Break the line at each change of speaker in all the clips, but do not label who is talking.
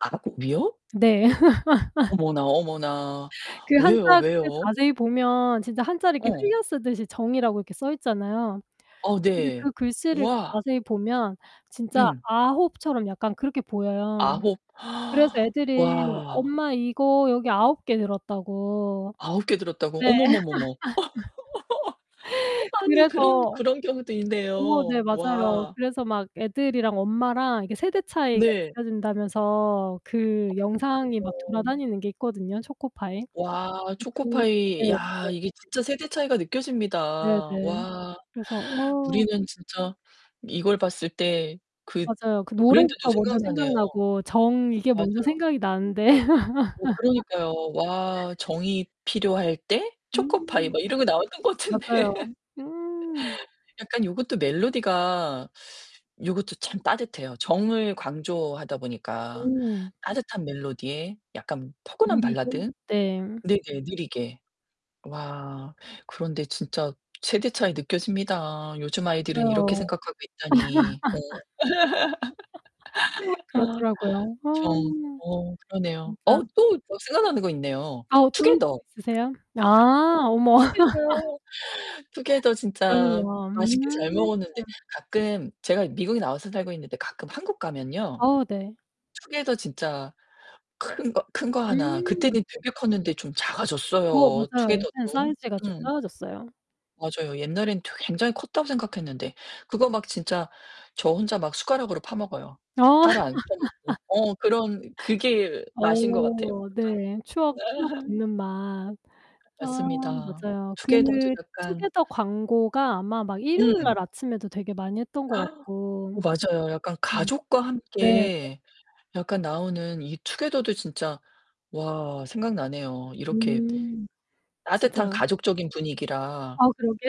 9. 이요?
네.
어머나, 어머나.
그 한자
왜요,
그게
왜요?
자세히 보면 진짜 한자를 이렇게
어.
흘려쓰듯이 정이라고 이렇게 써 있잖아요.
어
근데
네.
그 글씨를
와.
자세히 보면 진짜
음.
9 처럼 약간 그렇게 보여요.
9.
그래서 애들이
와.
엄마 이거 여기 9 개 들었다고.
9 개 들었다고?
네.
어머머머머. 어 아니 그런
그래서
그런 경우도
어 네
있네요.
맞아요.
와.
그래서 막 애들이랑 엄마랑 이렇게 세대 차이가
네.
느껴진다면서 그 영상이 막
어머 그래요.
돌아다니는 게 있거든요. 초코파이. 이
와
그 네
초코파이. 야 이게
맞아요.
진짜 세대 차이가 느껴집니다.
네네.
와
그래서 어
우리는 진짜 이걸 봤을 때 그
맞아요. 그
브랜드도
노래부터 먼저
생각나네요.
생각나고 정 이게 먼저
맞아요.
생각이 나는데
어 그러니까요. 와 "정이 필요할 때 초코파이."
음.
막 이런 거 나왔던 것 같은데.
맞아요. 음.
약간 요것도 멜로디가 요것도 참 따뜻해요. 정을 강조하다 보니까
음.
따뜻한 멜로디에 약간 포근한
느리게.
발라드.
네.
네네 느리게. 와 그런데 진짜 세대 차이 느껴집니다. 요즘 아이들은 이렇게
맞아요.
생각하고 있다니. 어. 아.
그렇더라고요. 아
정 어 그러네요.
진짜.
어 또 저 생각나는 거 있네요,
아 어 또 이
투게더.
있으세요? 아 어머.
투게더요. 투게더 진짜
그렇네요. 음.
맛있게 잘 먹었는데 가끔 제가 미국에 나와서 살고 있는데 가끔 한국 가면요
아우 네.
투게더 진짜 큰 거 큰 거 하나
음.
그때는 되게 컸는데 좀
어
작아졌어요,
맞아요. 요새는
투게더도.
사이즈가 좀
음.
작아졌어요.
맞아요. 옛날에는 되 굉장히 컸다고 생각했는데 그거 막 진짜 저 혼자 막 숟가락으로 파 먹어요.
어.
따로 안 떠내고 어 그런 그게
어
맛인 것 같아요.
네
혼자
추억, 추억 돋는 맛. 아
맞습니다.
맞아요. 그
투게더도 약간
투게더 광고가 아마 막
음.
일요일날 아침에도 되게 많이 했던 것 같고.
어 맞아요 약간
음.
가족과
네네.
함께 약간 나오는 이 투게더도 진짜 와 생각나네요. 이렇게
음.
따뜻한
진짜
가족적인 분위기라.
아 그러게요.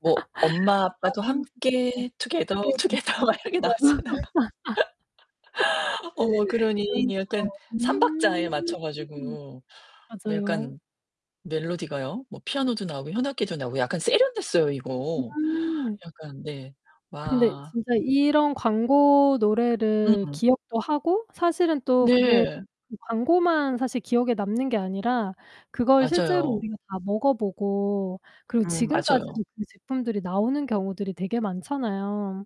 뭐 "엄마 아빠도
아 세상에
함께 투게더,
투게더.
투게더." 막 이렇게
맞아요.
나왔잖아요. 어머 그러니
그렇네요.
약간 3 박자에 맞춰
음.
가지고 뭐
맞아요.
약간 멜로디가요. 뭐 피아노도 나오고 현악기도 나오고 약간 세련됐어요 이거.
음.
약간 네.
근데
와.
진짜 이런 광고 노래를
음음.
기억도 하고 사실은 또 그게
네.
그 광고만 기억에 남는 게 아니라 그걸 실제로
맞아요.
우리가 다 먹어보고 그리고
음 맞아요.
지금까지도 그 제품들이 나오는 경우들이 되게 많잖아요.